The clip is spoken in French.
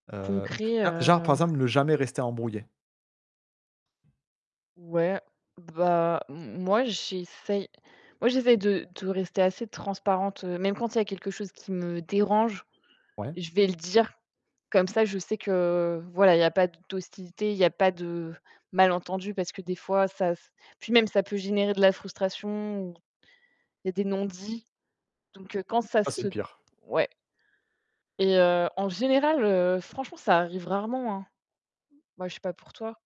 Heu. Concret Là, genre, par heu exemple, ne jamais rester embrouillé. Ouais. Bah m moi, j'essaye, moi, j'essaye de de rester assez transparente, heu, même quand il y a quelque chose qui me dérange Ouais. je vais le dire. Comme ça, je sais que voilà, il y a pas d d'hostilité, il n'y pas de mal entendu, parce que des fois, ça s puis même ça peut générer de la frustration ou il y a des non dits. Donc heu, quand ça Ça, c'est se le pire. ouais. Et heu, en général, heu, franchement, ça arrive rarement hein. Moi, je sais pas pour toi.